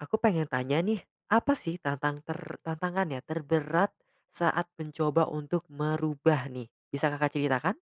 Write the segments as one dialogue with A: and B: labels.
A: Aku pengen tanya nih, apa sih tantang ter tantangannya terberat saat mencoba untuk merubah nih. Bisa Kakak ceritakan?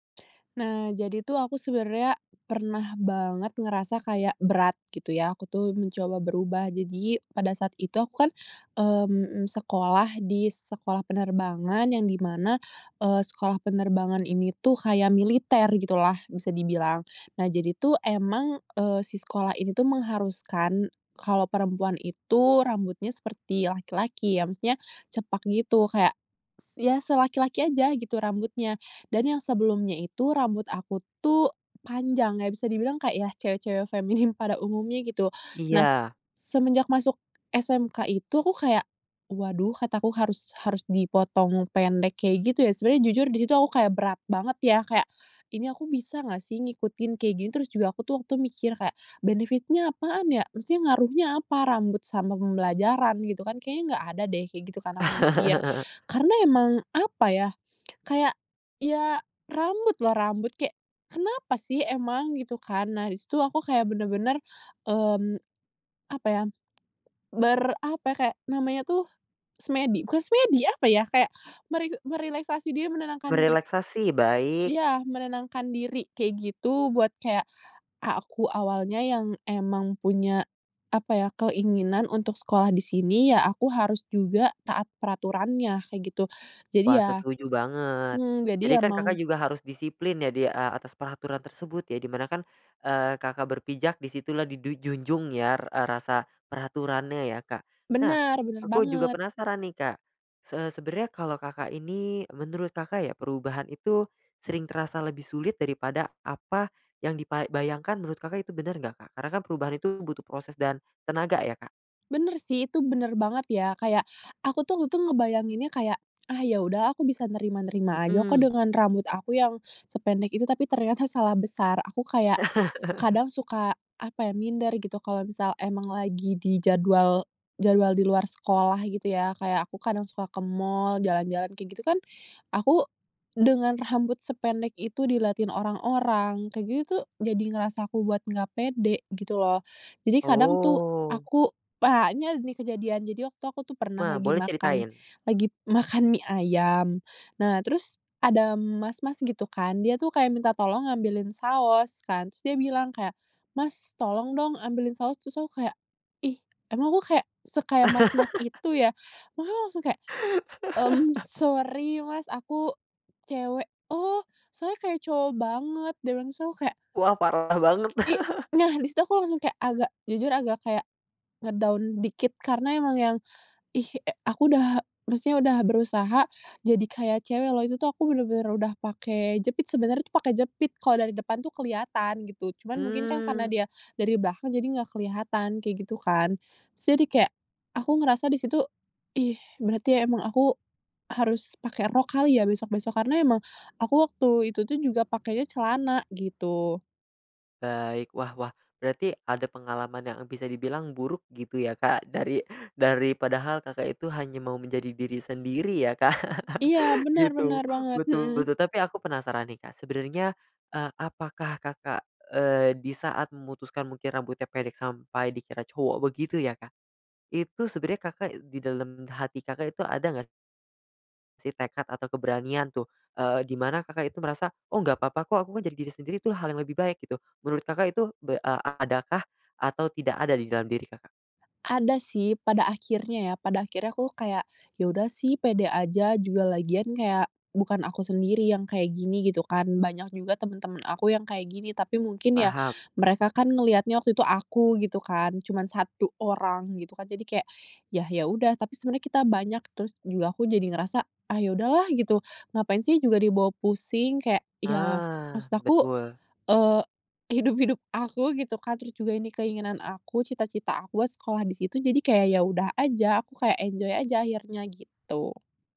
B: Nah, jadi tuh aku sebenernya pernah banget ngerasa kayak berat gitu yah, aku tuh mencoba berubah. Jadi pada saat itu aku kan, mmm, sekolah di sekolah penerbangan yang di mana, eee, sekolah penerbangan ini tuh kaya militer gitu lah bisa dibilang. Nah jadi tuh emang, eee, si sekolah ini tuh mengharuskan kalo perempuan itu rambutnya seperti laki-laki ya. Maksudnya cepak gitu kayak, s ya selaki-laki aja gitu rambutnya. Dan yang sebelumnya itu rambut aku tuh panjang, ya bisa dibilang kayak yah cewek-cewek feminim pada umumnya gitu. Nah
A: Iya.
B: semenjak masuk SMK itu aku kayak, "Waduh" kata aku, "harus harus dipotong pendek kayak gitu ya?" Sebenernya jujur di situ aku kayak berat banget ya, kayak, "Ini aku bisa nggak sih ngikutin kayak gini." Terus juga aku tuh waktu tuh mikir kayak, "benefit-nya apaan ya? Maksudnya ngaruhnya apa rambut sama pembelajaran?" gitu kan. "Kayaknya nggak ada deh," kayak gitu kan aku mikir. Karena emang apa yah kayak, ya, rambut loh, rambut kek, kenapa sih emang? Gitu kan, nah di situ aku kayak bener-bener, mmm, apa ya ber apa ya, kayak namanya tuh, semedi bukan semedi apa yah, kayak meri merileksasi diri menenangkan pik
A: Merelaksasi, baik.
B: Iya, menenangkan diri kayak gitu. Buat kayak, "Ah, aku awalnya yang emang punya apa yah, keinginan untuk sekolah di sini ya aku harus juga taat peraturannya," kayak gitu. Jadi
A: Wah
B: ya
A: setuju banget.
B: mmm, jadi
A: Jadi
B: ya
A: kan
B: mau
A: Kakak juga harus disiplin ya di a atas peraturan tersebut ya di mana kan, eee, Kakak berpijak di situlah didu junjung ya eee, rasa peraturannya ya, Kak. Nah,
B: Bener bener
A: aku juga
B: banget.
A: penasaran nih, Kak. Se sebenernya kalo Kakak ini menurut Kakak ya perubahan itu, sering terasa lebih sulit daripada apa, yang dipa bayangkan menurut Kakak itu bener nggak, Kak? Karena kan perubahan itu butuh proses dan tenaga ya, Kak?
B: Bener sih, itu bener banget ya. Kayak, aku tuh untung ngebayanginnya kayak, "Ah, ya udah aku bisa nerima-nerima aja kok
A: Mhm.
B: dengan rambut aku yang sependek itu," tapi ternyata salah besar. Aku kayak, kadang suka apa ya, minder gitu klo misal emang lagi di jadwal jadwal di luar sekolah gitu yah. Kayak aku kadang suka ke mall, jalan-jalan kek gitu kan aku, dengan rambut sependek itu dilatin orang-orang kek gitu tuh jadi ngerasa aku buat nggak pede, gitu loh. Jadi kadang tuh
A: Oh.
B: aku, banyak nih kejadian jadi waktu aku tuh pernah
A: Ma
B: lagi
A: boleh
B: makan,
A: ceritain.
B: lagi makan mie ayam, nah terus ada mas-mas gitu kan dia tuh kaya minta tolong ambilin saos kan. Terus dia bilang kayak, "Mas, tolong dong ambilin saos," terus aku kayak, "Ih emang aku kayak se kayak mas-mas itu ya?" makanya langsung kayak, mmm, "Sori, mas aku cewek." "Oh, soalnya kayak cowok banget," dia bilang, terus aku kayak
A: Wah, parah banget.
B: I nah di situ aku langsung kayak agak, jujur agak kayak nge-down dikit karena emang yang, ih, e aku udah maksudnya udah berusaha jadi kayak cewek loh, itu tuh aku bener-bener udah pake jepit, sebenernya pakai jepit sebenar pakai jepit kalo dari depan tuh kelihatan gitu, cuman mungkin kan karena
A: Mmm.
B: dia dari belakang jadi enggak kelihatan kayak gitu kan terus dia kayak aku ngerasa di situ, "Ih berarti emang aku harus pake rok kali ya besok-besok?" karena emang aku waktu itu tuh juga pakenya celana gitu.
A: Baik, wah wah berarti ada pengalaman yang bisa dibilang buruk gitu ya Kak, dari dari padahal Kakak itu hanya mau menjadi diri sendiri ya, Kak.
B: Iya,
A: Gitu,
B: bener-bener banget,
A: betul
B: mhm.
A: betul tapi aku penasaran nih, Kak. Sebenarnya, eee, apakah Kakak, eee, di saat memutuskan mungkin rambutnya pendek sampai dikira cowok begitu ya, Kak? Itu sebenernya Kakak di dalem hati Kakak itu ada nggak si tekad atau keberanian tuh, eee, di mana Kakak itu merasa, "Oh nggak papa kok, aku kan jadi diri sendiri tuh hal yang lebih baik," gitu. Menurut Kakak itu be a adakah atau tidak ada di dalam diri, Kakak?
B: Ada sih pada akhirnya ya, pada akhirnya aku kayak, "Ya udah sih pede aja, juga lagian kayak bukan aku sendiri yang kayak gini" gitu kan. Banyak juga temen-temen aku yang kayak gini, tapi mungkin ya
A: Paham.
B: mereka kan ngelihatnya waktu itu aku gitu kan, cuman 1 orang gitu kan. Jadi kayak, yah ya udah tapi sebenarnya kita banyak. Terus juga aku jadi ngerasa, "Ah ya udahlah!" Gitu. Ngapain sih juga dibawa pusing kayak ya
A: Ah,
B: maksud aku,
A: betul.
B: eee, hidup-hidup aku gitu kan? Terus juga ini keinginan aku, cita-cita aku, sekolah di situ jadi kayak ya udah aja, aku kayak enjoy aja akhirnya gitu.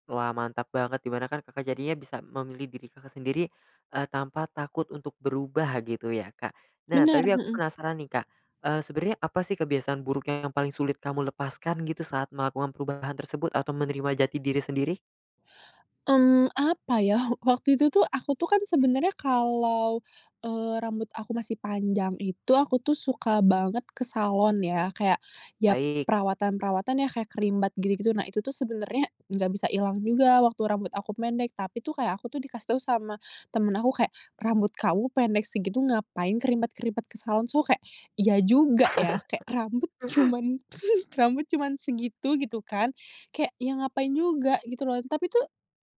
A: Wah mantap banget, di mana kan Kakak jadinya bisa memilih diri Kakak sendiri, eee, tanpa takut untuk berubah gitu ya, Kak? Nah
B: Bener,
A: tapi aku
B: Mhm.
A: penasaran nih Kak, eee, sebenernya apa sih kebiasaan buruk yang paling sulit kamu lepaskan gitu saat melakukan perubahan tersebut atau menerima jati diri sendiri?
B: Mmm, apa yah? Waktu itu tuh aku tuh kan sebenarnya kalau, eee rambut aku masih panjang itu, aku tuh suka banget ke salon ya. Kayak ya
A: Baik.
B: perawatan-perawatan yah kayak creambath gitu-gitu. Nah itu tuh sebenarnya nggak bisa ilang juga waktu rambut aku pendek, tapi tuh kayak aku tuh dikasih tau sama temen aku, kayak, "Rambut kamu pendek segitu ngapain creambath-creambath ke salon?" So kek, iya juga ya? Kek rambut cuman rambut cuman segitu, gitu kan. Kayak ya ngapain juga gitu loh. Tapi tuh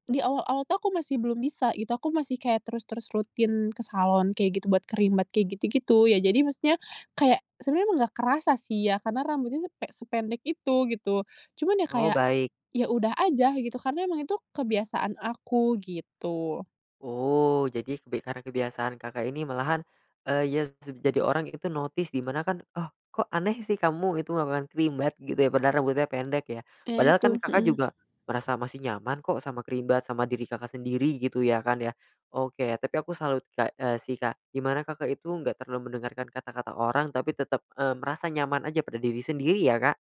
B: di awal-awal tuh aku masih belum bisa gitu. Aku masih kayak terus-terus rutin ke salon kayak gitu buat creambath kek gitu-gitu. Ya jadi maksudnya, kayak sebenarnya emang nggak kerasa sih ya karena rambutnya tuh kek sepe sependek itu, gitu. Cuman ya
A: Oh,
B: kayak,
A: baik.
B: ya udah aja gitu karena emang itu kebiasaan aku, gitu.
A: Oh, jadi kebi karena kebiasaan Kakak ini malahan, eee, yas seb jadi orang itu notice di mana kan, "Oh, kok aneh sih kamu itu melakukan creambath gitu ya padahal rambutnya pendek," ya.
B: Ya
A: Padahal kan
B: itu,
A: Kakak
B: mhm.
A: juga merasa masih nyaman kok sama creambath, sama diri Kakak sendiri gitu ya, kan ya? Oke, tapi aku salut Kak, eee, si Kak gimana Kakak itu enggak terlalu mendengarkan kata-kata orang tapi tetep, eee, merasa nyaman aja pada diri sendiri, ya Kak?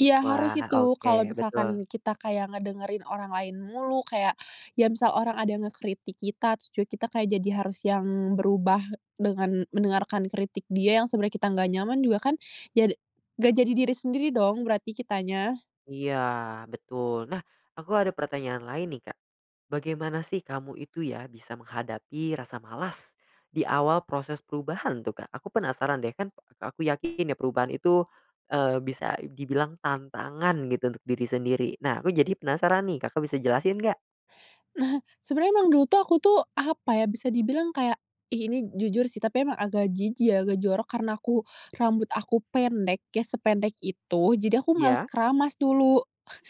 B: Iya harus
A: Wah,
B: itu, kalo
A: oke betul.
B: misalkan kita kayak ngedengerin orang lain mulu, kayak ya misal orang ada ngekritik kita, trus juga kita kayak jadi harus yang berubah dengan mendengarkan kritik dia yang sebenarnya kita nggak nyaman juga kan. Ya de nggak jadi diri sendiri dong berarti kitanya?
A: Iya betul. Nah, aku ada pertanyaan lain nih, Kak. Bagaimana sih kamu itu ya bisa menghadapi rasa malas di awal proses perubahan tuh, Kak? Aku penasaran deh kan aku yakin ya perubahan itu, eee, bisa dibilang tantangan gitu untuk diri sendiri. Nah, aku jadi penasaran nih Kakak bisa jelasin nggak?
B: Nah, sebenarnya emang dulu tuh aku tuh, apa ya. Bisa dibilang kayak ih ini jujur sih, tapi emang agak jijik ya, agak jorok karena aku rambut aku pendek ya sependek itu, jadi aku males
A: Iya.
B: keramas dulu.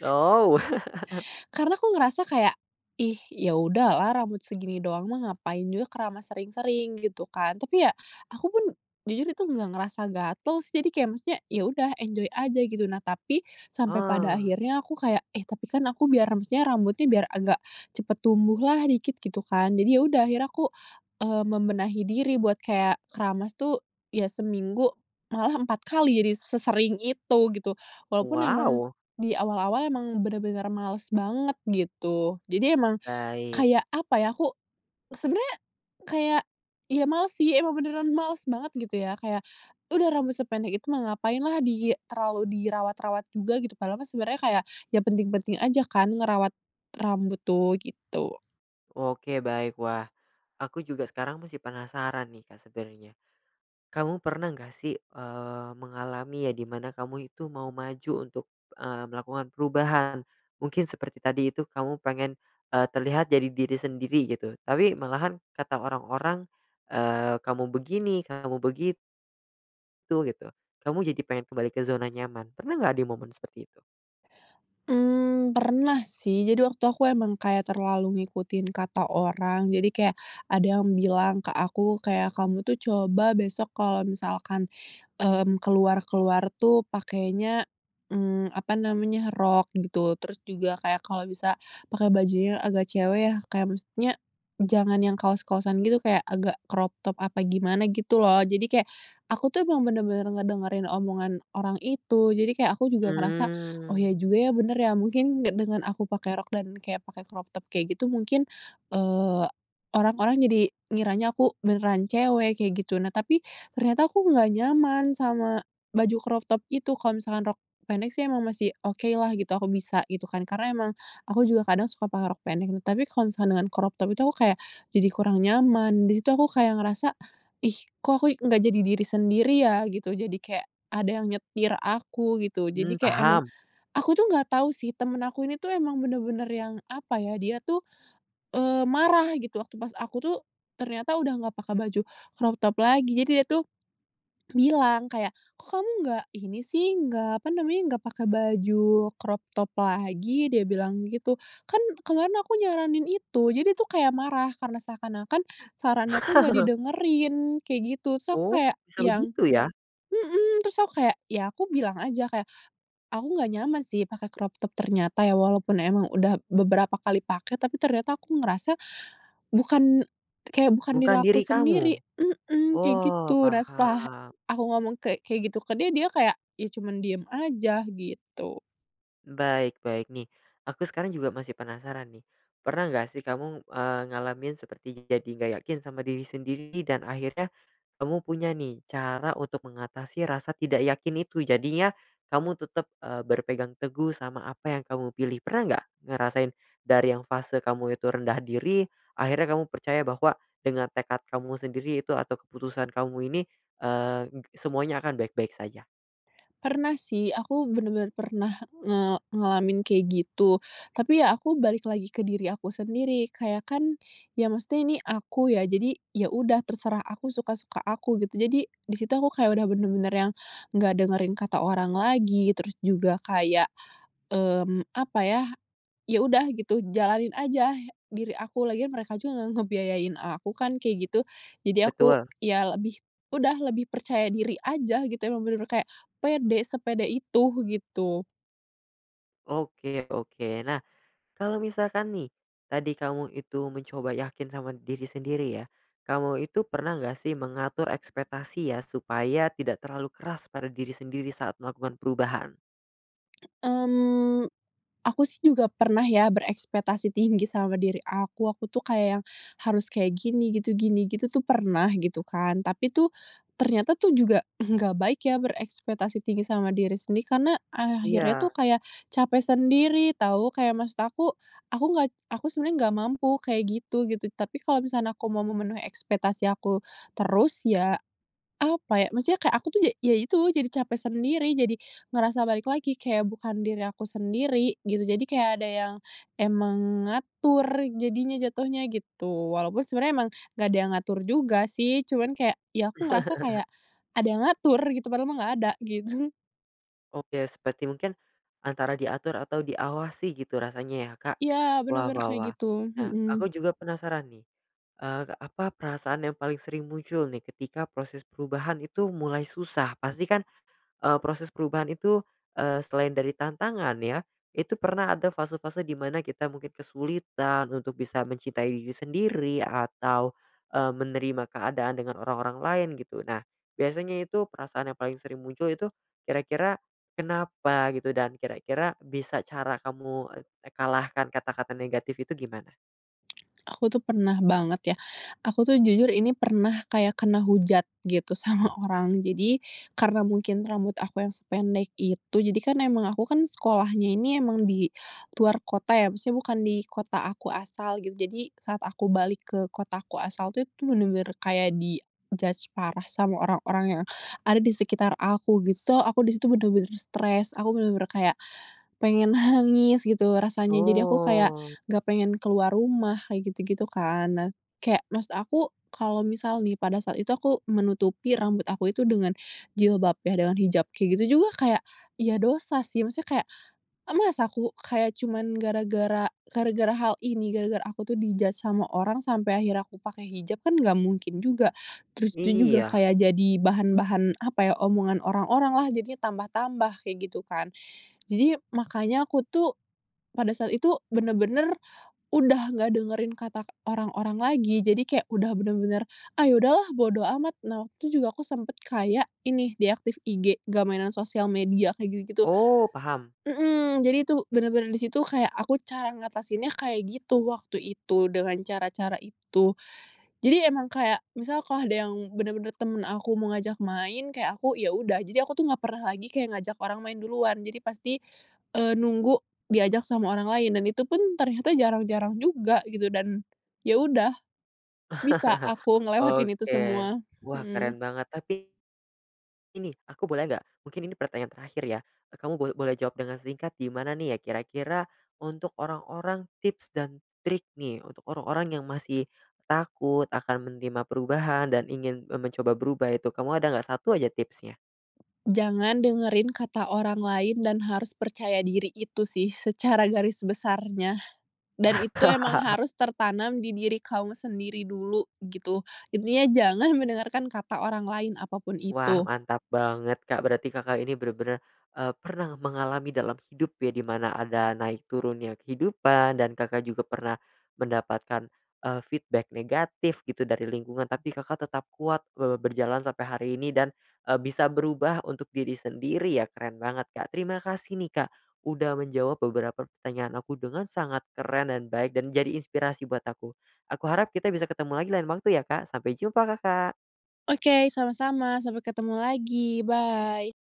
A: Ow!
B: Karena aku ngerasa kayak, "Ih ya udah lah, rambut segini doang mah ngapain juga keramas sering-sering," gitu kan. Tapi ya aku pun jujur itu nggak ngerasa gatel sih. Jadi kek maksudnya ya udah enjoy aja gitu. Nah tapi, sampai pada
A: Ah.
B: akhirnya aku kayak, "Eh, tapi kan aku biar ram maksudnya rambutnya biar agak cepat tumbuh lah dikit," gitu kan. Jadi ya udah akhirnya aku, eee, membenahi diri buat kayak keramas tuh ya seminggu malah 4 kali jadi sesering itu gitu. Walau pun emang,
A: Wow!
B: di awal-awal emang bener-bener males banget, gitu. Jadi emang
A: Baik.
B: kayak apa ya, aku sebenernya, kayak ya males sih emang beneran males banget gitu ya. Kayak udah rambut sependek itu mah ngapain lah di terlalu dirawat-rawat juga gitu padahal mah sebenernya kayak ya penting-penting aja kan ngerawat rambut tuh, gitu.
A: Oke baik. Wah, aku juga sekarang masih penasaran nih, Kak sebenernya. Kamu pernah nggak sih, eee, mengalami ya di mana kamu itu mau maju untuk, eee, melakukan perubahan? Mungkin seperti tadi itu kamu pengen, eee, terlihat jadi diri sendiri gitu tapi malahan kata orang-orang, eee, "Kamu begini, kamu begi "tu" gitu. Kamu jadi pengen kembali ke zona nyaman, pernah nggak di momen seperti itu?
B: Mmm, pernah sih, jadi waktu aku emang kayak terlalu ngikutin kata orang jadi kayak ada yang bilang ke aku kayak, "Kamu tuh coba besok kalau misalkan," mmm, "keluar-keluar tuh pakainya," mmm, apa namanya, "rok," gitu. Terus juga kayak, "Kalau bisa pakai bajunya agak cewek ya, kayak maksudnya jangan yang kaos-kaosan gitu kayak agak crop top apa gimana," gitu loh. Jadi kayak aku tuh emang bener-bener ngedengerin omongan orang itu, jadi kayak aku juga ngerasa, "Oh iya
A: Mmm.
B: juga ya, bener ya mungkin ya dengan aku pakai rok dan kayak pakai crop top kayak gitu mungkin, eee, orang-orang jadi ngiranya aku beneran cewek," kayak gitu. Nah tapi ternyata aku nggak nyaman sama baju crop top itu, kalau misalkan rok pendek sih emang masih oke lah gitu aku bisa, gitu kan. Karena emang aku juga kadang suka pakai rok pendek, tapi kalau misalkan dengan crop top itu aku kayak jadi kurang nyaman di situ aku kayak ngerasa, "Ih kok aku nggak jadi diri sendiri ya?" Gitu. Jadi kek ada yang nyetir aku gitu. Jadi
A: Mmm,
B: kek emang
A: paham.
B: aku tuh nggak tahu sih teman aku ini tuh emang bener-bener yang apa yah? Dia tuh, eee, marah gitu waktu pas aku tuh ternyata udah nggak pake baju crop top lagi jadi dia tuh bilang kayak, "Kok kamu nggak ini sih," nggak apa namanya, "nggak pakai baju crop top lagi?" dia bilang gitu, "Kan kemarin aku nyaranin itu," jadi tuh kayak marah karena seakan-akan sarannya tuh enggak didengerin kek gitu. Terus aku
A: Oh,
B: kayak
A: bisa
B: yang,
A: begitu ya?
B: "mhm," terus aku kayak ya aku bilang aja kayak, "Aku nggak nyaman sih pakai crop top ternyata ya, walaupun emang udah beberapa kali pakai, tapi ternyata aku ngerasa bukan kayak bukan diri
A: Bukan
B: aku
A: diri
B: sendiri"
A: kamu?
B: mhm, kayak
A: Oh
B: gitu. Nah setelah
A: paham.
B: aku ngomong kek kek gitu ke dia, dia kayak ya cuman diem aja gitu.
A: Baik-baik, nih aku sekarang juga masih penasaran nih. Pernah nggak sih kamu, eee, ngalamin seperti jadi nggak yakin sama diri sendiri dan akhirnya kamu punya nih cara untuk mengatasi rasa tidak yakin itu? Jadinya kamu tetap, eee, berpegang teguh sama apa yang kamu pilih. Pernah nggak ngerasain dari yang fase kamu itu rendah diri, akhirnya kamu percaya bahwa dengan tekad kamu sendiri itu atau keputusan kamu ini, eee, ng semuanya akan baik-baik saja?
B: Pernah sih, aku bener-bener pernah nge ngalamin kayak gitu. Tapi ya aku balik lagi ke diri aku sendiri kayak, kan ya maksudnya ini aku ya, jadi ya udah terserah aku suka-suka aku gitu. Jadi di situ aku kayak udah bener-bener yang nggak dengerin kata orang lagi terus juga kayak, mmm, apa ya, ya udah gitu jalanin ajah diri aku, lagian mereka juga nggak ngebiayain aku kan kayak gitu. Jadi aku
A: Betul.
B: ya lebih udah lebih percaya diri aja gitu emang bener-bener kayak pede, sepede itu, gitu.
A: Oke oke. Nah, kalo misalkan nih tadi kamu itu mencoba yakin sama diri sendiri ya, kamu itu pernah nggak sih mengatur ekspektasi ya supaya tidak terlalu keras pada diri sendiri saat melakukan perubahan?
B: Mmm, aku sih juga pernah ya berekspektasi tinggi sama diri aku, aku tuh kayak yang harus kayak gini, gitu gini, gitu tuh pernah gitu kan. Tapi tuh ternyata tuh juga enggak baik ya berekspektasi tinggi sama diri sendiri. Karena akhirnya tuh
A: Iya.
B: kayak capek sendiri tahu, kayak maksud aku aku nggak aku sebenernya nggak mampu kayak gitu, gitu. Tapi kalo misalkan aku mau memenuhi ekspektasi aku terus ya, apa ya? Maksudnya kek aku tuh ja ya itu jadi capek sendiri, jadi ngerasa balik lagi kayak bukan diri aku sendiri, gitu. Jadi kayak ada yang emang ngatur jadinya, jatuhnya gitu. Walaupun sebenarnya emang nggak ada yang ngatur juga sih. Cuman kayak ya aku ngerasa kayak ada yang ngatur gitu padahal mah nggak ada gitu.
A: Oke, seperti mungkin antara diatur atau diawasi gitu rasanya ya, Kak?
B: Iya
A: Wah
B: bener-bener
A: wah
B: kayak
A: wah.
B: gitu,
A: Nah
B: mhm.
A: aku juga penasaran nih, eee, apa perasaan yang paling sering muncul nih ketika proses perubahan itu mulai susah? Pasti kan, eee, proses perubahan itu, eee, selain dari tantangan ya, itu pernah ada fase-fase di mana kita mungkin kesulitan untuk bisa mencintai diri sendiri, atau, eee, menerima keadaan dengan orang-orang lain gitu. Nah, biasanya itu perasaan yang paling sering muncul itu kira-kira kenapa gitu dan kira-kira bisa cara kamu, eee, e kalahkan kata-kata negatif itu gimana?
B: Aku tuh pernah banget ya, aku tuh jujur ini pernah kayak kena hujat gitu sama orang. Jadi karena mungkin rambut aku yang sependek itu jadikan emang aku kan sekolahnya ini emang di luar kota ya, maksudnya bukan di kota aku asal gitu, jadi saat aku balik ke kota ku asal tuh itu bener-bener kayak di judge parah sama orang-orang yang ada di sekitar aku, gitu. So, aku di situ bener-bener stres aku bener-bener kayak pengen nangis gitu rasanya jadi aku kayak
A: Oh.
B: nggak pengen keluar rumah, kayak gitu-gitu kan. Nah kayak maksud aku, kalau misal nih pada saat itu aku menutupi rambut aku itu dengan jilbab ya dengan hijab kayak gitu juga kayak, ya dosa sih maksudnya kayak, masa aku kayak cuman gara-gara gara-gara hal ini gara-gara aku tuh di judge sama orang sampai akhirnya pakai hijab kan nggak mungkin juga. Terus tuh juga
A: Iya.
B: kayak jadi bahan-bahan apa yah omongan orang-orang lah jadinya tambah-tambah, kayak gitu kan. Jadi makanya aku tuh pada saat itu, bener-bener udah nggak dengerin kata orang-orang lagi. Jadi kayak udah bener-bener, "Ah, ya udah lah bodo amat." Nah waktu tuh juga aku sempet kayak ini deactive IG, nggak mainan sosial media kek gitu-gitu.
A: Oh paham.
B: Mhm, jadi tuh bener-bener di situ kayak aku cara ngatasinnya kayak gitu waktu itu, dengan cara-cara itu. Jadi emang kayak misalkan ada yang bener-bener temen aku mau ngajak main, kayak aku ya udah jadi aku tuh nggak pernah lagi kayak ngajak orang main duluan jadi pasti, eee, nunggu diajak sama orang lain dan itu pun ternyata jarang-jarang juga gitu dan ya udah, bisa aku ngelewatin itu
A: Oke,
B: semua,
A: wah keren
B: mhm.
A: banget. Tapi ini aku boleh nggak? Mungkin ini pertanyaan terakhir ya kamu boleh boleh jawab dengan singkat di mana nih ya kira-kira untuk orang-orang tips dan trik nih, untuk orang-orang yang masih takut akan menerima perubahan, dan ingin me mencoba berubah, itu kamu ada nggak satu aja tipsnya?
B: Jangan dengerin kata orang lain dan harus percaya diri! Itu sih secara garis besarnya, dan itu emang
A: Wah.
B: harus tertanam di diri kamu sendiri dulu, gitu. Intinya jangan mendengarkan kata orang lain apapun
A: Wah
B: itu.
A: mantap banget, Kak. Berarti Kakak ini bener-bener, eee, pernah mengalami dalam hidup ya di mana ada naik turunnya kehidupan dan Kakak juga pernah mendapatkan, eee, feedback negatif gitu dari lingkungan. Tapi Kakak tetap kuat, eee, berjalan sampai hari ini dan, eee, bisa berubah untuk diri sendiri ya. Keren banget Kak, terima kasih nih Kak udah menjawab beberapa pertanyaan aku dengan sangat keren dan baik dan menjadi inspirasi buat aku. Aku harap kita bisa ketemu lagi lain waktu ya, Kak. Sampai jumpa, Kakak.
B: Oke, sama-sama. Sampai ketemu lagi, bye.